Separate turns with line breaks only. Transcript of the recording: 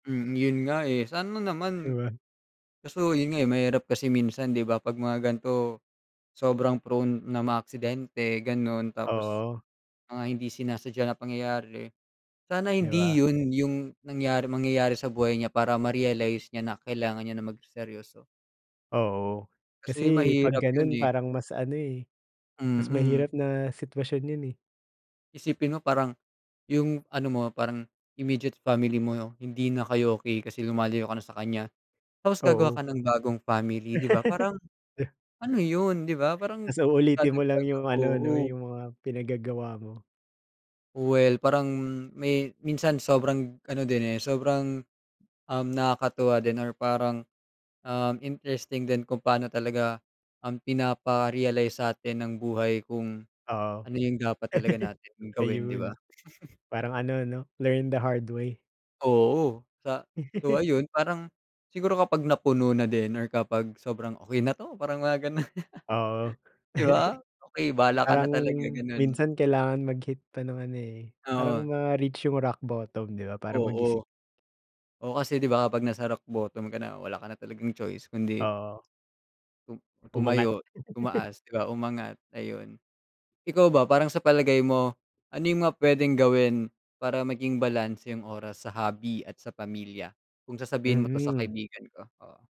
Mm, yun nga eh, sana
Di
naman
ba?
kaso yun nga eh, mahirap kasi minsan, di ba? 'Pag mga ganito, sobrang prone ng mga aksidente, gano'n. Tapos
Oo.
mga hindi sinasadya na pangyayari, sana
Di
hindi
ba?
yun yung nangyari mangyayari sa buhay niya para ma-realize niya na kailangan niya na magseryoso.
Oo.
Kasi
Kasi 'pag
mahirap yun
ganun
eh.
parang mas ano eh, mas
Mm.
mahirap na sitwasyon yun eh.
Isipin mo parang, yung ano mo, parang immediate family mo, hindi na kayo okey kasi lumalayo ka na sa kanya. Tapos gagawa
Oo.
ka ng bagong family, di ba, parang, ano yun, di ba? Parang
Tas uulitin mo lang
dadagdag
yung ano, 'no,
oo.
yung mga pinaggagawa mo.
Well, parang may minsan sobrang ano din eh, sobrang, um, nakakatuwa din or parang, um, interesting din kung paano talaga ang pinapa-realize sa'tin ng buhay kung
Oo.
ano yung dapat talaga natin gawin, di ba?
Ayun. Parang ano, 'no, learn the hard way.
Oo, sa so, ayun, parang siguro kapag napuno na din or kapag sobrang, "okey na 'to" parang mga ganun.
Oo.
Di ba? Okey bahala ka na
Parang
talaga, ganun.
minsan kailangan mag-hit pa ng ano eh, parang
Oo.
ma-reach yung rock bottom, di ba, para mag-isip.
Oo. Oo, kasi di ba kapag nasa rock botom ka na wala ka na talagang choice kundi
Oo.
tum
Umangat.
tumayo, tumaas, di ba, umangat, ayun. Ikaw ba, parang sa palagay mo, ano yung mga pwedeng gawin para maging balanse yung oras sa hobby at sa pamilya, kung sasabihin mo 'to sa
Mhm.
kaibigan ko? Oo.